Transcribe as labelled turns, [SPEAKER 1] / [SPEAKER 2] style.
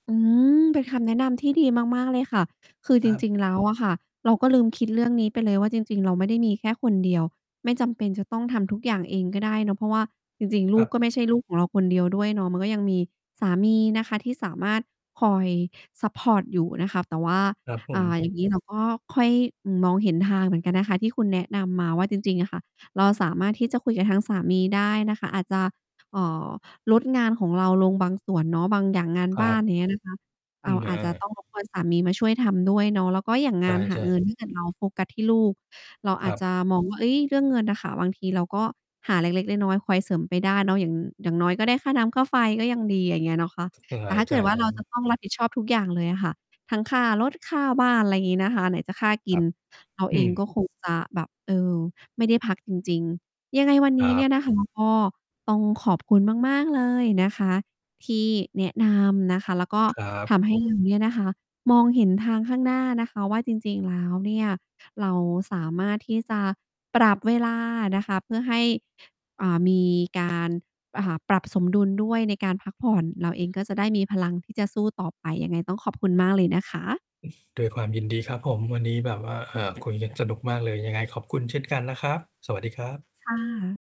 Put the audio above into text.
[SPEAKER 1] อืม เป็นคำแนะนำที่ดีมาก ๆ เลยค่ะ คือ
[SPEAKER 2] ค
[SPEAKER 1] จ
[SPEAKER 2] รับ
[SPEAKER 1] ริง ๆ แล้วอะ ค่ะ เราก็ลืมคิดเรื่องนี้ไปเลยว่า จริง ๆ เราไม่ได้มีแค่คนเดียว ไม่จำเป็นจะต้องทำทุกอย่างเองก็ได้เนาะ เพราะว่าจริง ๆ ล
[SPEAKER 2] ค
[SPEAKER 1] ู
[SPEAKER 2] รั
[SPEAKER 1] ก
[SPEAKER 2] บ
[SPEAKER 1] ก็ไม่ใช่ลูกของเราคนเดียวด้วยเนาะ มันก็ยังมีสามีนะคะที่สามารถ คอยซัปพอร์ตอยู่นะคะ แต่ว่า
[SPEAKER 2] ครับผ
[SPEAKER 1] อ่
[SPEAKER 2] ม
[SPEAKER 1] า อย่าง งี้เราก็ค่อยมองเห็นทางเหมือนกันนะคะ ที่คุณแนะนำมาว่า จริง ๆ อะค่ะ เราสามารถที่จะคุยกับทางสามีได้นะคะ อาจจะ เอ่อ ลดงานของเราลงบางส่วนเนาะ บางอย่างงาน
[SPEAKER 2] คร
[SPEAKER 1] บ้
[SPEAKER 2] ั
[SPEAKER 1] าน
[SPEAKER 2] บ
[SPEAKER 1] อย่าง เงี้ย นะคะ
[SPEAKER 2] อ
[SPEAKER 1] อ
[SPEAKER 2] ื
[SPEAKER 1] ่า
[SPEAKER 2] ม อ
[SPEAKER 1] อาจจะ
[SPEAKER 2] า
[SPEAKER 1] ต้อง รบกวน สามีมาช่วยทำด้วยเนาะ แล้วก็อย่าง
[SPEAKER 2] ใ
[SPEAKER 1] งานห
[SPEAKER 2] ช
[SPEAKER 1] า
[SPEAKER 2] ่
[SPEAKER 1] เงิ
[SPEAKER 2] ๆ
[SPEAKER 1] น ถ้าเกิด เราโฟกัสที่ลูก เราอ
[SPEAKER 2] คร
[SPEAKER 1] าจ
[SPEAKER 2] ับ
[SPEAKER 1] จะมองว่า เฮ้ย เรื่องเงินอะค่ะ บางทีเราก็หาเล็ก ๆ น้อย ๆ คอยเสริมไปได้เนาะ อย่าง อย่างน้อยก็ได้ค่าน้ำค่าไฟก็ยังดี อย่างเงี้ยเนาะคะ
[SPEAKER 2] ยัง
[SPEAKER 1] แ
[SPEAKER 2] ห
[SPEAKER 1] ต่
[SPEAKER 2] า
[SPEAKER 1] ถ้าเก
[SPEAKER 2] จ
[SPEAKER 1] ิ
[SPEAKER 2] ่า
[SPEAKER 1] ด
[SPEAKER 2] ย
[SPEAKER 1] ว่
[SPEAKER 2] แ
[SPEAKER 1] า
[SPEAKER 2] บ
[SPEAKER 1] เรา
[SPEAKER 2] งค
[SPEAKER 1] จ
[SPEAKER 2] ์
[SPEAKER 1] ะต้องรับผิดชอบทุกอย่างเลยอะค่ะ ทั้งค่ารถ ค่าบ้าน อะไรอย่างงี้นะคะ ไหนจะค่าก
[SPEAKER 2] ค
[SPEAKER 1] ิ
[SPEAKER 2] รั
[SPEAKER 1] น
[SPEAKER 2] บ
[SPEAKER 1] เรา
[SPEAKER 2] อ
[SPEAKER 1] เอ
[SPEAKER 2] ื
[SPEAKER 1] งก
[SPEAKER 2] ม
[SPEAKER 1] ็ คง จะแบบ เออ ไม่ได้พักจริง ๆ ยังไงวัน
[SPEAKER 2] ค
[SPEAKER 1] นี
[SPEAKER 2] ร
[SPEAKER 1] ้
[SPEAKER 2] ั
[SPEAKER 1] เนี่ย
[SPEAKER 2] บ
[SPEAKER 1] นะ คะ ก็ต้องขอบคุณมาก ๆ เลยนะคะที่แนะนำนะคะ แล้วก็
[SPEAKER 2] ครับ
[SPEAKER 1] ทำให้ เรา เนี่ยนะคะ มองเห็นทางข้างหน้านะคะว่า จริง ๆ แล้วเนี่ย เราสามารถที่จะปรับเวลานะคะ เพื่อให้ อ่า มี การ อ่า ปรับสมดุลด้วยในการพักผ่อน เราเองก็จะได้มีพลังที่จะสู้ต่อไป ยังไงต้องขอบคุณมากเลยนะคะ
[SPEAKER 2] ด้วยความยินดีครับผม วันนี้แบบว่า อ่า คุยกันสนุกมากเลย ยังไงขอบคุณเช่นกันนะครับ สวัสดีครับ
[SPEAKER 1] ค่ะ